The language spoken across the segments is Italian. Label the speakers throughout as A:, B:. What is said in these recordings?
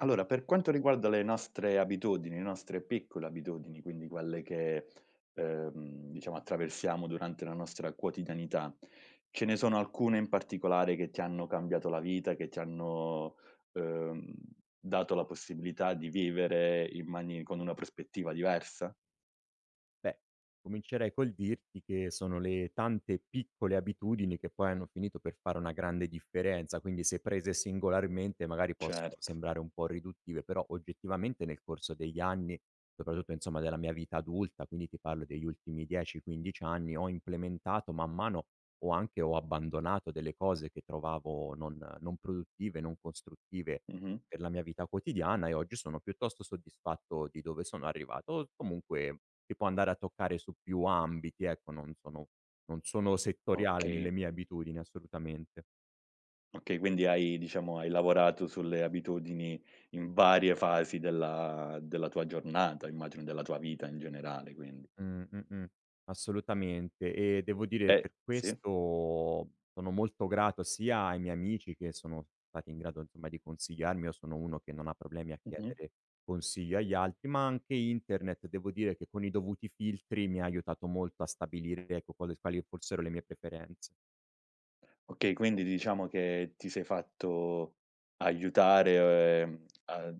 A: Allora, per quanto riguarda le nostre abitudini, le nostre piccole abitudini, quindi quelle che, uhm, diciamo, attraversiamo durante la nostra quotidianità, ce ne sono alcune in particolare che ti hanno cambiato la vita che ti hanno, uhm, dato la possibilità di vivere in mani con una prospettiva diversa?
B: Beh, comincerei col dirti che sono le tante e piccole abitudini che poi hanno finito per fare una grande differenza. Quindi, se prese singolarmente, magari, possono
A: Certo.
B: sembrare un pò riduttive però, oggettivamente, nel corso degli anni soprattutto, insomma, della mia vita adulta, quindi ti parlo degli ultimi 10, 15 anni ho implementato man mano, o anche ho abbandonato delle cose che trovavo non non produttive, non costruttive
A: Mh-mh.
B: per la mia vita quotidiana, e oggi sono piuttosto soddisfatto di dove sono arrivato. O z comunque che può andare a toccare su più ambiti, ecco, non sono non sono settoriale nelle
A: Okay.
B: mie abitudini, assolutamente.
A: Okay, quindi hai diciamo, hai lavorato sulle abitudini in varie fasi della della tua giornata, immagino della tua vita in generale quindi?
B: Mh, mh-mh, assolutamente. E devo dire,
A: E
B: per
A: sì?
B: questo sono molto grato sia ai miei amici, che sono stati in grado, insomma, di consigliarmi io sono uno che non ha problemi a
A: Mh-mh.
B: chiedere consiglio agli altri; ma anche internet, devo dire che con i dovuti filtri, mi ha aiutato molto a stabilire, ecco, quale s quali fossero le mie preferenze.
A: Okay. Quindi, diciamo che ti sei fatto aiutare, o ehm, a ad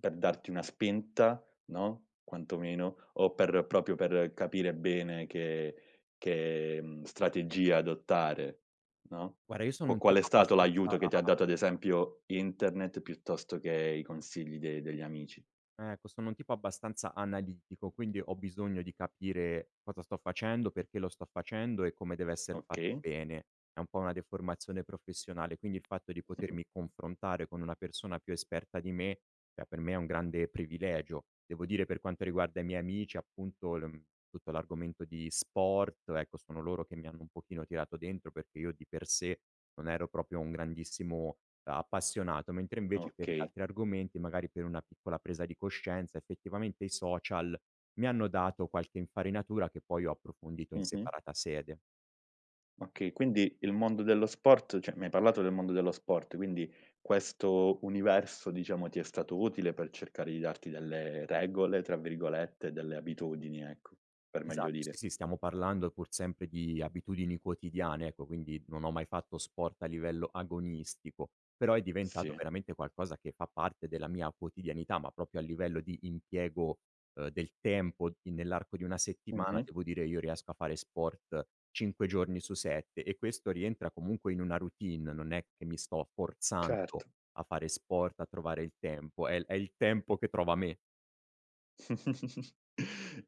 A: per darti una spinta, no, quanto meno o per proprio per capire bene che che, mhmm, strategia adottare, no?
B: Guarda, io sono
A: Quo
B: un
A: qual è
B: tipo
A: stato
B: abbastanza
A: l'aiuto che ti ha dato, ad esempio, internet piuttosto che i consigli de degli amici?
B: Ecco, sono un tipo abbastanza analitico, quindi ho bisogno di capire cosa sto facendo, perché lo sto facendo e come deve esser fatto
A: Okay.
B: bene; è un pò una deformazione professionale. Quindi il fatto di potermi confrontare con una persona più esperta di me, è per me un grande privilegio. Devo dire per quanto riguarda i miei amici, appunto, l uhm, tutto l'argomento di sport, ecco, sono loro che mi hanno un pochino tirato dentro perché io di per sé non ero proprio un grandissimo, uhm, appassionato. Mentre, invece, per gli
A: Okay.
B: altri argomenti, magari per una piccola presa di coscienza, effettivamente, i social mi hanno dato qualche infarinatura che poi ho approfondito in
A: Mh-mh.
B: separata sede.
A: Okay, quindi il mondo dello sport cioè mi hai parlato del mondo dello sport, quindi questo universo, diciamo, ti è stato utile per cercare di darti delle "regole", tra virgolette, delle abitudini, ecco, per meglio
B: Esatto, sì,
A: dire.
B: sì. Stiamo parlando pur sempre di abitudini quotidiane, ecco, quindi non ho mai fatto sport a livello agonistico, però è diventato
A: Sì.
B: veramente qualcosa che fa parte della mia quotidianità, ma proprio a livello di impiego, uhm, del tempo in nell'arco di 1 settimana,
A: Mh-mh.
B: devo dire, io riesco a fare sport 5 giorni su 7 e questo rientra comunque in una routine non è che mi sto forzando
A: Certo.
B: a fare sport, a trovare il tempo, è l è il tempo che trova me.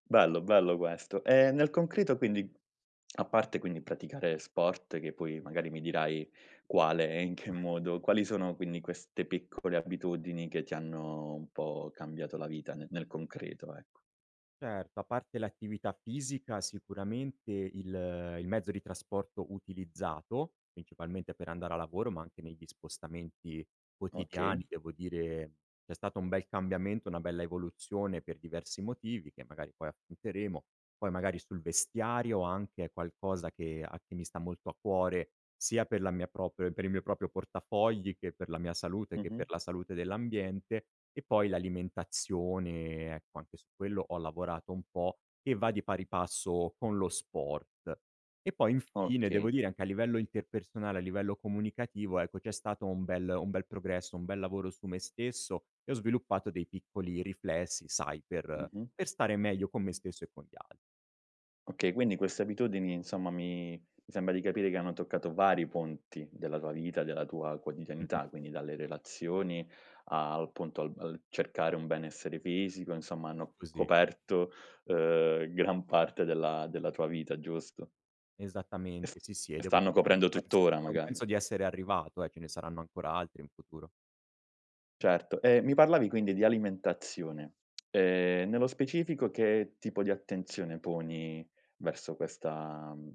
A: Bello, bello questo. Ehm, nel concreto quindi, a parte quindi praticare sport, che poi magari mi dirai quale e in che
B: Mh-mh.
A: modo quali sono quindi queste piccole abitudini che ti hanno un po' cambiato la vita ne nel concreto, ec
B: Certo. A parte l'attività fisica, sicuramente il il mezzo di trasporto utilizzato, principalmente per andare a lavoro ma anche negli spostamenti quotidiani
A: Okay.
B: devo dire c'è stato un bel cambiamento, una bella evoluzione per diversi motivi che magari poi affronteremo, poi magari sul vestiario anche è qualcosa che a che mi sta molto a cuore, sia per la mia proprio e per il mio proprio portafogli, che per la mia salute, e che per
A: Mh-mh.
B: la salute dell'ambiente, e poi l'alimentazione, ecco, anche su quello ho lavorato un po' e va di pari passo con lo sport. E poi, infine,
A: Okay.
B: devo dire anche a livello interpersonale, a livello comunicativo, ecco, c'è stato un bel un bel progresso, un bel lavoro su me stesso e ho sviluppato dei piccoli riflessi, sai per
A: Mh-mh.
B: per stare meglio con me stesso e con gli al
A: Okay, quindi queste abitudini, insomma mi mi sembra di capire che hanno toccato vari ponti della tua vita, della tua quotidianità.
B: Mh-mh.
A: Quindi dalle relazioni al punto al al cercare un benessere fisico, insomma
B: È
A: hanno
B: così.
A: coperto, uhm, gran parte della della tua vita, giusto? E st
B: Esattamente, sì, sì e
A: e
B: devo
A: stanno
B: dire che non
A: coprendo
B: penso
A: tutt'ora
B: non
A: magari.
B: penso di essere arrivato eh, ce ne saranno ancora altri in futuro.
A: Certo e mi parlavi quindi di alimentazione, ehm, nello specifico che tipo di attenzione poni verso questa mhmm,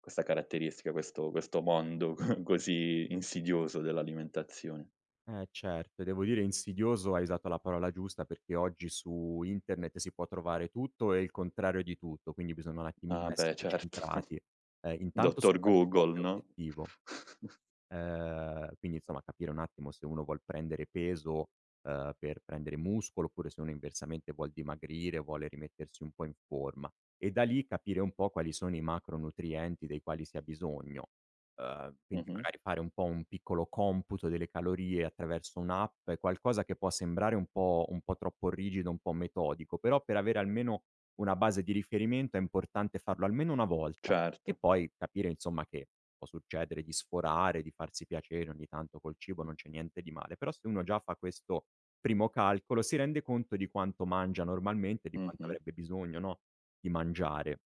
A: questa caratteristica, questo questo mondo così insidioso dell'alimentazione?
B: Eh, certo e, devo dire, insidioso, hai usato la parola giusta perché oggi su internet si può trovare tutto e il contrario di tutto. Quindi bisogna un attimino
A: Ah, beh
B: essere
A: certo,
B: centrati. Ehm, intanto
A: dottor Google,
B: [unintelligible]
A: no?
B: obiettivo uhm, quindi insomma capire un attimo se uno vuol prendere peso, uhm, per prendere muscolo oppure se uno inversamente vuol dimagrire, vuole rimettersi un po' in forma e da lì capire un po' quali sono i macronutrienti dei quali si ha bisogno. Uhm, quindi
A: Mh-mh.
B: magari fare un po' un piccolo computo delle calorie attraverso un'app è qualcosa che può sembrare un po' un po' troppo rigido un po' metodico però per avere almeno una base di riferimento è importante farlo almeno una volta e
A: Cert
B: poi capire insomma che può succedere di sforare, di farsi piacere ogni tanto col cibo, non c'è niente di male. Però se uno già fa questo primo calcolo si rende conto di quanto mangia normalmente, di quanto
A: Mh-mh.
B: avrebbe bisogno, no, di mangiare.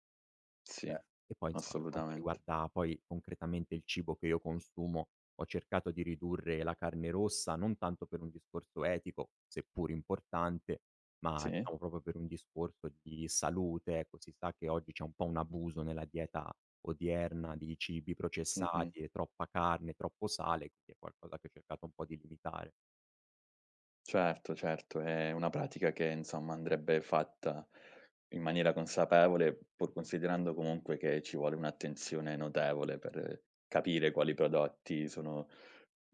A: Sì.
B: E poi insomma per quanto
A: Assolutamente.
B: riguarda poi concretamente il cibo che io consumo ho cercato di ridurre la carne rossa, non tanto per un discorso etico, seppur importante ma
A: Sì.
B: diciamo proprio per un discorso di salute, ecco. Si sa che oggi c'è un po' un abuso nella dieta odierna di cibi
A: Mh-mh.
B: processati e troppa carne, troppo sale, è quindi qualcosa che ho cercato un po' di limitare.
A: Certo, certo è una pratica che insomma andrebbe fatta in maniera consapevole pur considerando comunque che ci vuole un'attenzione notevole per capire quali prodotti sono,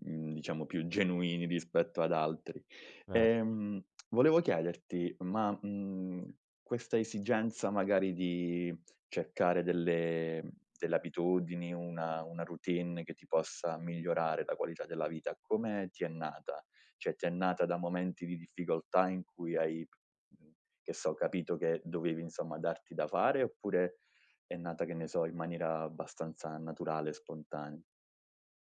A: mhmm, diciamo più genuini rispetto ad altri.
B: Eh
A: Ehm, volevo chiederti, ma, mhmm, questa esigenza, magari, di cercare delle delle abitudini, una una routine che ti possa migliorare la qualità della vita come ti è nata? Cioè ti è nata da momenti di difficoltà in cui hai, mhmm, che so, capito che dovevi insomma darti da fare oppure è nata, che ne so, in maniera abbastanza naturale e spontanea?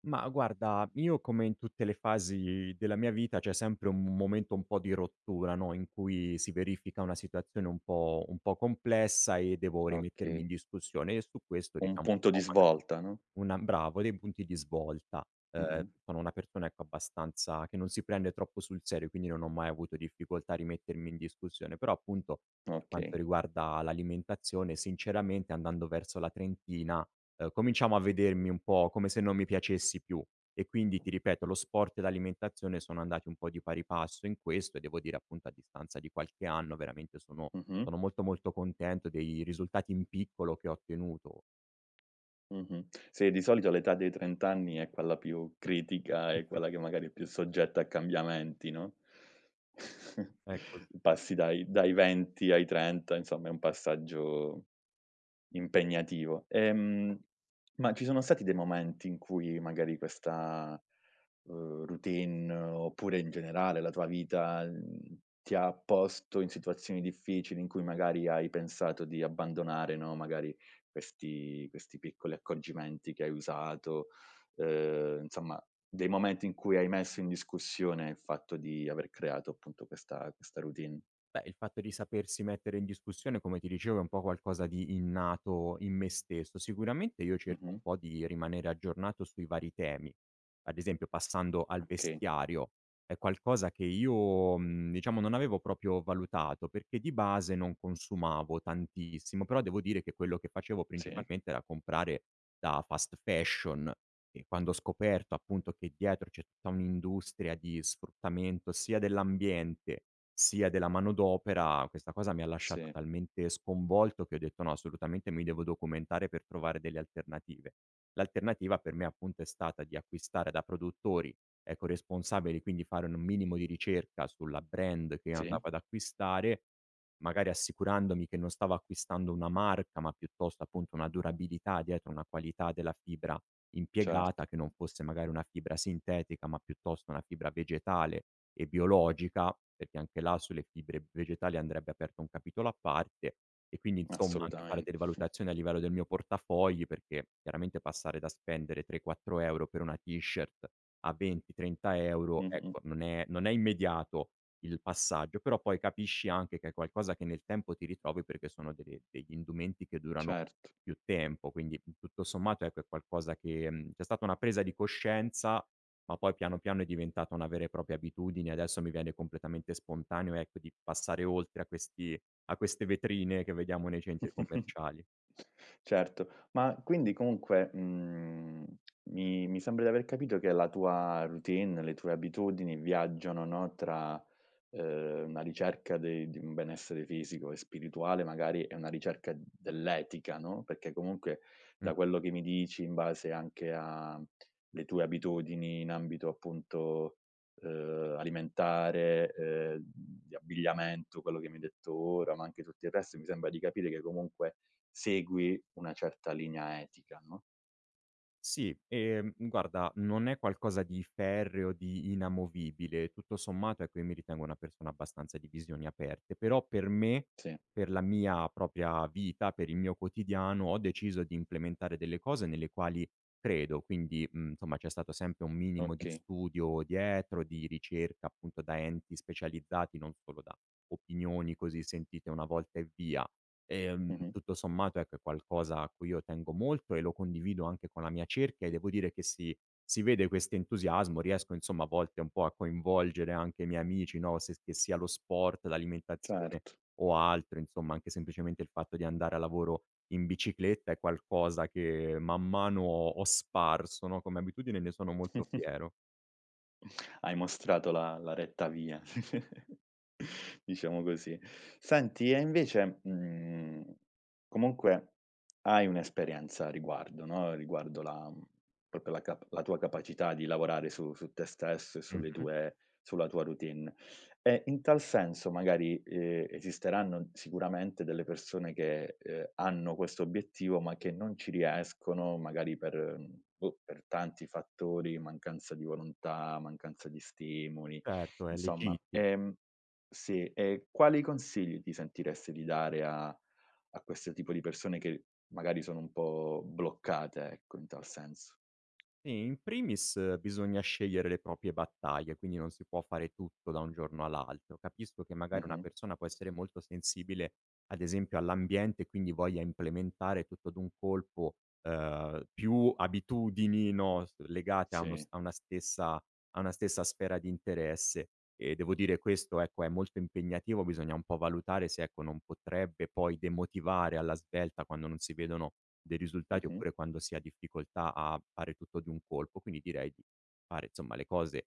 B: Mah, guarda, io, come in tutte le fasi della mia vita, c'è sempre un momento un po' di rottura, no, in cui si verifica una situazione un po' un po' complessa e devo rimettermi in
A: Okay.
B: discussione e su questo
A: Un
B: diciamo un
A: punto di
B: po' maga
A: svolta, no?
B: una bravo dei punti di svolta, uhm,
A: Mh-mh.
B: sono una persona ecco abbastanza che non si prende troppo sul serio quindi non ho mai avuto difficoltà a rimettermi in discussione. Però appunto per quanto
A: Okay.
B: riguarda l'alimentazione sinceramente andando verso la trentina, uhm, cominciavo a vedermi un po' come se non mi piacessi più e quindi ti ripeto lo sport e l'alimentazione sono andati un po' di pari passo in questo e devo dire, appunto, a distanza di qualche anno, veramente sono
A: Mh-mh.
B: sono molto, molto contento dei risultati in piccolo che ho ottenuto.
A: Mh-mh, si di solito l'età dei trent'anni è quella più critica, è
B: Mh-mh.
A: quella che magari più soggetta a cambiamenti, no,
B: È cos
A: passi dai dai 20 ai 30 insomma è un passaggio impegnativo. Ehm, ma ci sono stati dei momenti in cui magari questa, uhm, routine oppure in generale la tua vita, mhmm, ti ha posto in situazioni difficili in cui magari hai pensato di abbandonare, no, magari questi questi piccoli accorgimenti che hai usato, uhm, insomma dei momenti in cui hai messo in discussione il fatto di aver creato appunto questa questa routine?
B: Beh, il fatto di sapersi mettere in discussione come ti dicevo è un po' qualcosa di innato in me stesso. Sicuramente io cerco un
A: Mh-mh.
B: po' di rimanere aggiornato sui vari temi, ad esempio passando al
A: Okay.
B: vestiario è qualcosa che io, mhmm, diciamo non avevo proprio valutato perché di base non consumavo tantissimo, però devo dire che quello che facevo
A: Si.
B: principalmente era comprare da fast fashion e quando ho scoperto, appunto, che dietro c'è tutta un'industria di sfruttamento sia dell'ambiente, sia della manodopera questa cosa mi ha lasciato
A: Si.
B: talmente sconvolto che ho detto: "No assolutamente mi devo documentare per trovare delle alternative." L'alternativa per me appunto è stata di acquistare da produttori eco responsabili, quindi fare un minimo di ricerca sulla brand che andavo
A: Si.
B: ad acquistare, magari assicurandomi che non stavo acquistando una marca ma piuttosto, appunto, una durabilità dietro una qualità della fibra impiegata
A: Certo.
B: che non fosse magari una fibra sintetica ma piuttosto una fibra vegetale e biologica, perché anche là sulle fibre vegetali andrebbe aperto un capitolo a parte e quindi insomma anche fare
A: Assolutame
B: delle valutazioni a livello del mio portafogli perché chiaramente passare da spendere 3, 4 euro per una t-shirt a 20, 30 euro
A: Mh-mh.
B: ecco non è non è immediato il passaggio. Però poi capisci anche che è qualcosa che nel tempo ti ritrovi perché sono degli degli indumenti che durano
A: Cert
B: più tempo. Quindi tutto sommato è per qualcosa che mhmm, c'è stata una presa di coscienza ma poi piano piano è diventata una vera e propria abitudine e adesso mi viene completamente spontaneo, ecco, di passare oltre a questi a queste vetrine che vediamo nei centri commerciali.
A: Certo, ma quindi comunque, mhmm, mi mi sembra di aver capito che la tua routine, le tue abitudini viaggiano, no no, tra, uhm, una ricerca de di un benessere fisico e spirituale magari e una ricerca dell'etica, no? Perché comunque
B: Mh.
A: da quello che mi dici, in base anche alle tue abitudini in ambito appunto, uhm, alimentare, ehm, di abbigliamento quello che mi hai detto ora ma anche tutto il resto, mi sembra di capire che comunque segui una certa linea etica, no?
B: Sì, ehm, guarda, non è qualcosa di ferreo, di inamovibile, tutto sommato, ecco, io mi ritengo una persona abbastanza di visioni aperte. Però per me,
A: Si.
B: per la mia propria vita, per il mio quotidiano ho deciso di implementare delle cose nelle quali credo quindi, mhmm, insomma, c'è stato sempre un minimo di
A: Okay.
B: studio dietro, di ricerca appunto da enti specializzati, non solo da opinioni così sentite 1 volta e via. Ehm,
A: Mh-mh.
B: tutto sommato ecco è qualcosa a cui io tengo molto e lo condivido anche con la mia cerchia e devo dire che si si vede questo entusiasmo, riesco insomma a volte un po' a coinvolgere anche i miei amici, no, se che sia lo sport, l'alimentazione
A: Cert
B: o altro insomma, anche semplicemente il fatto di andare al lavoro in bicicletta è qualcosa che man mano ho ho sparso, no, come abitudine e ne sono molto fiero.
A: Hai mostrato le la retta via diciamo così. Senti e invece, mhmm, comunque hai un'esperienza a riguardo, no, riguardo la proprio la cap la tua capacità di lavorare su su te stesso e su sulle
B: Mh-mh.
A: tue sulla tua routine. E in tal senso magari, ehm, esisteranno sicuramente delle persone che, uhm, hanno questo obiettivo ma che non ci riescono, magari per boh, per tanti fattori, mancanza di volontà, mancanza di stimoli
B: Certo è
A: insomma,
B: legittim
A: ehm sì e quali consigli ti sentiresti di dare a a questo tipo di persone che magari sono un po' bloccate, ecco, in tal senso.
B: Sì, in primis bisogna scegliere le proprie battaglie quindi non si può fare tutto da un giorno all'altro. Capisco che magari una
A: Mh-mh.
B: persona può essere molto sensibile ad esempio all'ambiente quindi voglia implementare tutto d'un colpo, uhm, più abitudini, no, s legate a uno
A: Sì.
B: st a una stessa a una stessa sfera di interesse e devo dire questo ecco è molto impegnativo bisogna un po' valutare se, ecco, non potrebbe poi demotivare alla svelta quando non si vedono dei risultati
A: Mh-mh.
B: oppure quando si ha difficoltà a fare tutto di un colpo. Quindi direi di fare, insomma, le cose,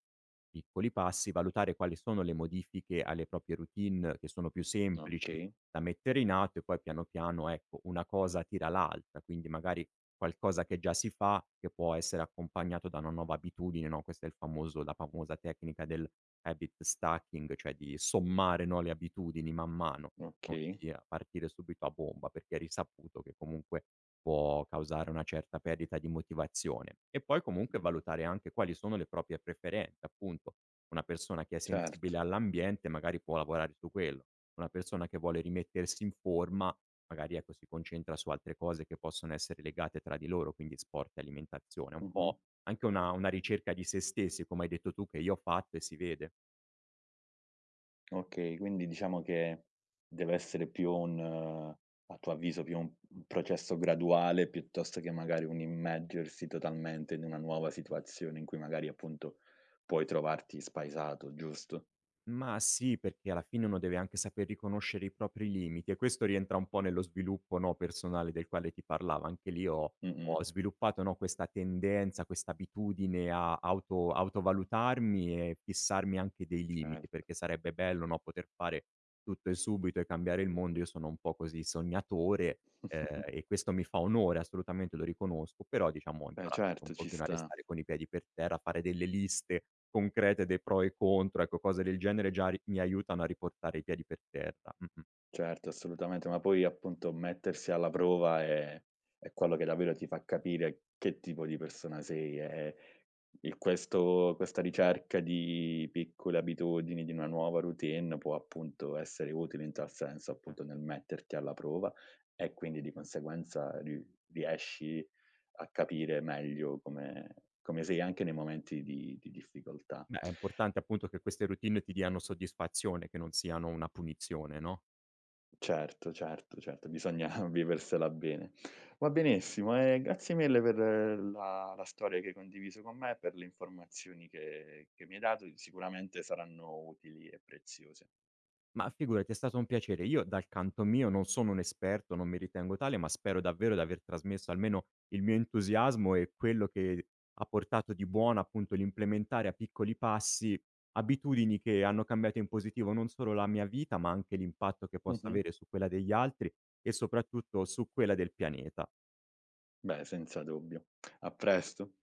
B: piccoli passi, valutare quali sono le modifiche alle proprie routine che sono più semplici
A: Okay.
B: da mettere in atto e poi piano piano, ecco, una cosa tira l'altra. Quindi magari qualcosa che già si fa, che può essere accompagnato da una nuova abitudine, no, questo è il famoso è la famosa tecnica dell' habit stacking cioè di sommare, no, le abitudini man mano,
A: Okay.
B: ossia partire subito a bomba perché è risaputo che comunque può causare una certa perdita di motivazione. E poi comunque valutare anche quali sono le proprie preferenze, appunto, una persona che è
A: Cert
B: sensibile all'ambiente magari può lavorare su quello. Una persona che vuole rimettersi in forma, magari ecco si concentra su altre cose che possono essere legate tra di loro, quindi sport e alimentazione. Un
A: Mh-mh.
B: po' anche una una ricerca di se stessi, come hai detto tu, che io ho fatto e si vede.
A: Okay, quindi diciamo che deve essere più un a tuo avviso, più un processo graduale piuttosto che magari un immergersi totalmente in una nuova situazione in cui magari, appunto, puoi trovarti spaesato giusto?
B: Mah, sì, perché alla fine uno deve anche sapere riconoscere i propri limiti e questo rientra un po' nello sviluppo, no, personale del quale ti parlava. Anche lì ho
A: Mh-mh.
B: ho sviluppato, no, questa tendenza, questa abitudine a auto autovalutarmi e fissarmi anche dei limiti.
A: Certo.
B: Perché sarebbe bello, no, poter fare tutto e subito e cambiare il mondo. Io sono un po' così, sognatore, ehm e questo mi fa onore, assolutamente, lo riconosco, però, diciamo, ho
A: Beh,
B: imparato un
A: certo ci
B: pochino a
A: sta.
B: restare con i piedi per terra, a fare delle liste concrete dei pro e i contro: ecco, cose del genere già ri mi aiutano a riportare i piedi per terra. Mh-mh.
A: Certo assolutamente, ma poi, appunto, mettersi alla prova è è quello che davvero ti fa capire che tipo di persona sei e il questo questa ricerca di piccole abitudini, di una nuova routine può appunto essere utile in tal senso,
B: A
A: appunto nel metterti alla prova e quindi di conseguenza ri riesci a capire meglio come come sei anche nei momenti di di difficoltà.
B: Beh, è importante appunto che queste routine ti diano soddisfazione, che non siano una punizione, no?
A: Certo, certo, certo, bisogna viversela bene. Va benissimo e grazie mille per la la storia che hai condiviso con me, per le informazioni che che mi hai dato che sicuramente saranno utili e preziose.
B: Mah, figurati, è stato un piacere. Io dal canto mio non sono un esperto, non mi ritengo tale, ma spero davvero di aver trasmesso almeno il mio entusiasmo e quello che ha portato di buono, appunto, l'implementare a piccoli passi, abitudini che hanno cambiato in positivo non solo la mia vita, ma anche l'impatto che possa
A: Mh-mh.
B: avere su quella degli altri e soprattutto su quella del pianeta.
A: Beh senza dubbio. A presto.